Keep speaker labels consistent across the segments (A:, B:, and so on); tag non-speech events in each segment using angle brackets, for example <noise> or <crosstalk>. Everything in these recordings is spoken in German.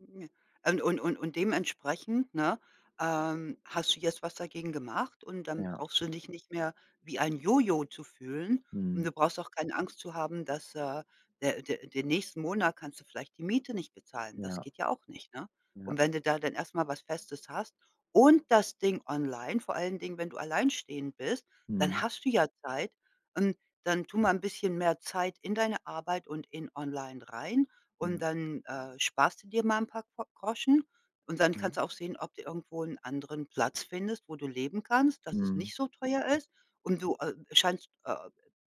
A: <unintelligible> Und und und und dementsprechend, ne, ähm, hast du jetzt was dagegen gemacht und dann
B: Ja.
A: brauchst du dich nicht mehr wie ein Jojo zu fühlen und
B: Mhm.
A: du brauchst auch keine Angst zu haben, dass, äh, der der den nächsten Monat kannst du vielleicht die Miete nicht bezahlen. Das
B: Ja.
A: geht ja auch nicht, ne, und
B: Ja.
A: wenn du da dann erst mal was Festes hast und das Ding online, vor allen Dingen, wenn du alleinstehend bist, dann
B: Mhm.
A: hast du ja Zeit und dann tu mal 'n bisschen mehr Zeit in deine Arbeit und in online rein und
B: Ja.
A: dann, äh, sparst du dir mal paar Ko Groschen und dann kannst
B: Ja.
A: du auch sehen, ob du irgendwo 'n anderen Platz findest, wo du leben kannst, dass es
B: Mhm.
A: nicht so teuer ist und du, äh, scheinst, äh,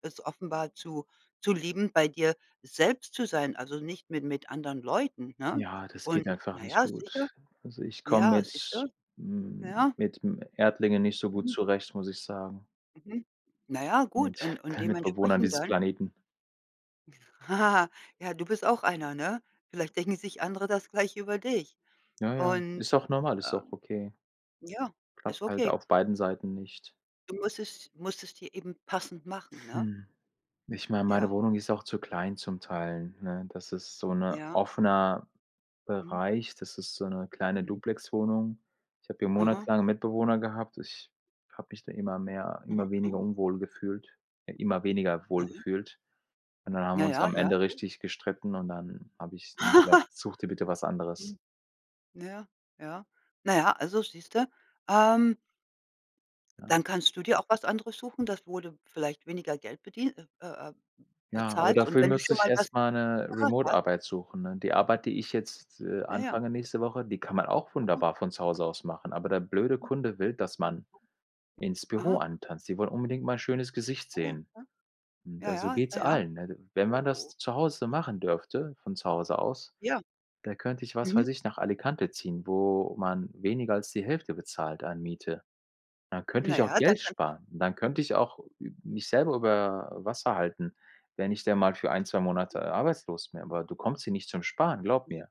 A: es offenbar zu zu lieben, bei dir selbst zu sein, also nicht mi mit anderen Leuten, ne,
B: Ja, das
A: und
B: geht einfach
A: na
B: nicht
A: ja, sicher.
B: gut. Also, ich komme
A: Ja, siehst
B: mit
A: du.
B: m
A: Ja.
B: mit, hm, Erdlingen nicht so gut
A: Mhm.
B: zurecht, muss ich sagen.
A: Mhm. Na ja, gut,
B: Mit
A: und und
B: Bewohnern
A: dementsprechend
B: dieses
A: dann
B: Planeten.
A: <chuckles> Ja, du bist auch einer, ne? Vielleicht denken sich andere das gleich über dich
B: Ja, ja,
A: und,
B: ist auch normal, ist auch
A: ähm
B: okay.
A: ja, ist
B: Klappt halt
A: okay.
B: auf beiden Seiten nicht.
A: Du musst es musst es dir eben passend machen, ne?
B: Hm, ich meine, meine
A: Ja.
B: Wohnung ist auch zu klein zum Teil, ne? Das ist so 'ner
A: Ja.
B: offener
A: Mhm.
B: Bereich, das ist so 'ne kleine
A: Mhm.
B: Duplexwohnung. Ich habe hier
A: Aha.
B: monatelang Mitbewohner gehabt. Ich habe mich da immer mehr
A: Mhm.
B: immer weniger
A: Mhm.
B: unwohl gefühlt äh, immer weniger wohl
A: Naja.
B: gefühlt und dann haben wir
A: Ja,
B: uns
A: ja.
B: am
A: Ja,
B: Ende
A: gut.
B: richtig gestritten und dann habe ich zu ihm gesagt:
A: <chuckles>
B: „Such dir bitte was anderes.“
A: Mhm. Naja, ja, naja, also siehst du? Ähm
B: Ja.
A: Dann kannst du dir auch was anderes suchen, das wo du vielleicht weniger Geld bedie äh, äh,
B: Ja, aber
A: bezahlst und
B: dafür
A: wenn du
B: müsste
A: schon
B: ich
A: mal was
B: erst mal 'ne
A: <unintelligible>
B: Remote-Arbeit suchen, ne? Die Arbeit, die ich jetzt, äh,
A: Naja.
B: anfange nächste Woche, die kann man auch
A: Mhm.
B: wunderbar von zu Hause aus machen, aber der blöde
A: Hm.
B: Kunde will, dass man ins Büro
A: Aha.
B: antanzt. Die wollen unbedingt mal schönes Gesicht
A: Ah, ja.
B: sehen.
A: Klar. Ja,
B: Da so
A: ja,
B: geht's
A: naja.
B: allen, ne? Wenn man
A: Oh, oh.
B: das zu Hause machen dürfte von zu Hause aus,
A: Ja.
B: da könnte ich, was weiß
A: Mhm.
B: ich, nach Alicante ziehen, wo man weniger als die Hälfte bezahlt an Miete. Dann könnte ich auch
A: Naja, dann
B: Geld
A: kann
B: sparen. Dann könnte ich auch ü mich selber über Wasser halten, wenn ich denn mal für 1, 2 Monate
A: Mhm.
B: arbeitslos bin. Aber du kommst hier nicht zum Sparen, glaub
A: Ja.
B: mir.